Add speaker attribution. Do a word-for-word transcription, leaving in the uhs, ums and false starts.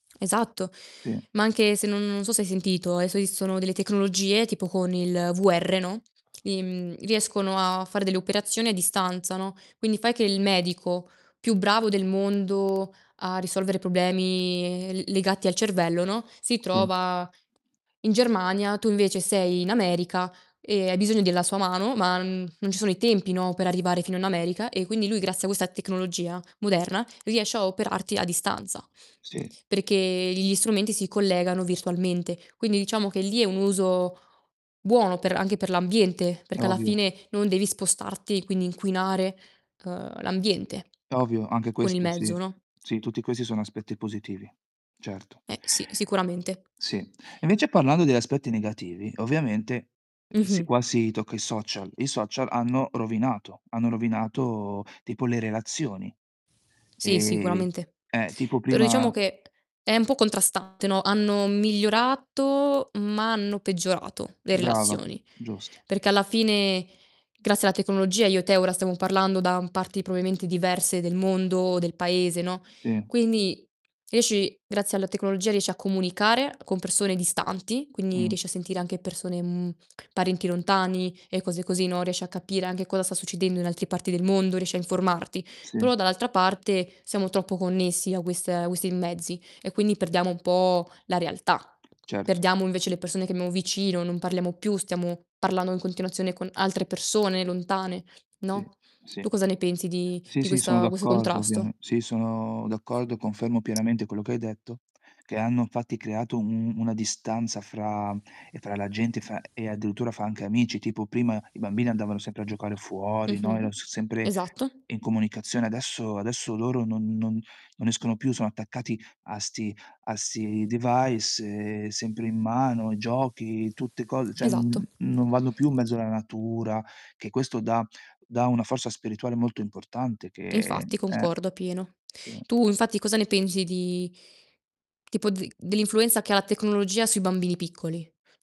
Speaker 1: Esatto.
Speaker 2: Sì.
Speaker 1: Ma anche se non non so se hai sentito, adesso esistono delle tecnologie tipo con il VR, no, im riescono a fare delle operazioni a distanza, no, quindi fai che il medico più bravo del mondo a risolvere problemi, ehm, l legati al cervello, no, si
Speaker 2: Sì.
Speaker 1: trova in Germania, tu invece sei in America e hai bisogno della sua mano, ma n mhmm, non ci sono i tempi, no, per arrivare fino in America e quindi lui, grazie a questa tecnologia moderna, riesce a operarti a distanza,
Speaker 2: Sì.
Speaker 1: perché gli strumenti si collegano virtualmente. Quindi, diciamo che lì è un uso buono per anche per l'ambiente, perché alla
Speaker 2: Ovvio.
Speaker 1: fine non devi spostarti e quindi inquinare, uhm, l'ambiente
Speaker 2: Ovvio anche
Speaker 1: con il
Speaker 2: questo
Speaker 1: mezzo,
Speaker 2: sì.
Speaker 1: no?
Speaker 2: Sì, tutti questi sono aspetti positivi, certo.
Speaker 1: Eh, sì, sicuramente.
Speaker 2: Sì. E invece parlando degli aspetti negativi, ovviamente, si
Speaker 1: Mh-mh.
Speaker 2: qua si tocca i social: i social hanno rovinato, hanno rovinato tipo le relazioni,
Speaker 1: Sì,
Speaker 2: ehm,
Speaker 1: sicuramente.
Speaker 2: eh, tipo
Speaker 1: Però, diciamo
Speaker 2: prima
Speaker 1: che, è un po' contrastante, no: hanno migliorato ma hanno peggiorato le
Speaker 2: Brava,
Speaker 1: relazioni.
Speaker 2: giusto.
Speaker 1: Perché alla fine, grazie alla tecnologia io e te ora stiamo parlando da parti proabimente diverse del mondo o del paese, no,
Speaker 2: Sì.
Speaker 1: quindi riesci grazie alla tecnologia riesci a comunicare con persone distanti, quindi
Speaker 2: Mh.
Speaker 1: riesci a sentire anche persone, mhmm, parenti lontani e cose così, no, riesci a capire anche cosa sta succedendo in altre parti del mondo, riesci a informarti.
Speaker 2: Sì.
Speaker 1: Però dall'altra parte, siamo troppo connessi a queste questi mezzi, e quindi perdiamo un po' la realtà.
Speaker 2: Certo.
Speaker 1: Perdiamo invece le persone che abbiamo vicino, non parliamo più, stiamo parlando in continuazione con altre persone lontane,
Speaker 2: Sì,
Speaker 1: no,
Speaker 2: sì.
Speaker 1: tu cosa ne pensi di
Speaker 2: Sì,
Speaker 1: di
Speaker 2: sì, sono
Speaker 1: questa questo
Speaker 2: d'accordo, ovviame
Speaker 1: contrasto?
Speaker 2: sì, sono d'accordo, confermo pienamente quello che hai detto; che hanno infatti creato u una distanza fra ehm, fra la gente, e fa e addirittura fa anche amici, tipo prima i bambini andavano sempre a giocare fuori, no, era
Speaker 1: Mh-mh.
Speaker 2: so sempre
Speaker 1: Esatto.
Speaker 2: in comunicazione. Adesso adesso loro non non non escono più, sono attaccati a 'sti a sti device, ehm, sempre in mano, giochi, tutte co ceh, mhmm,
Speaker 1: Esatto.
Speaker 2: non vanno più in mezzo alla natura, che questo dà dà una forza spirituale molto importante,
Speaker 1: E
Speaker 2: che
Speaker 1: infatti,
Speaker 2: eh.
Speaker 1: concordo appieno.
Speaker 2: Sì.
Speaker 1: Tu, infatti, cosa ne pensi di tipo di dell'influenza che ha la tecnologia sui bambini piccoli?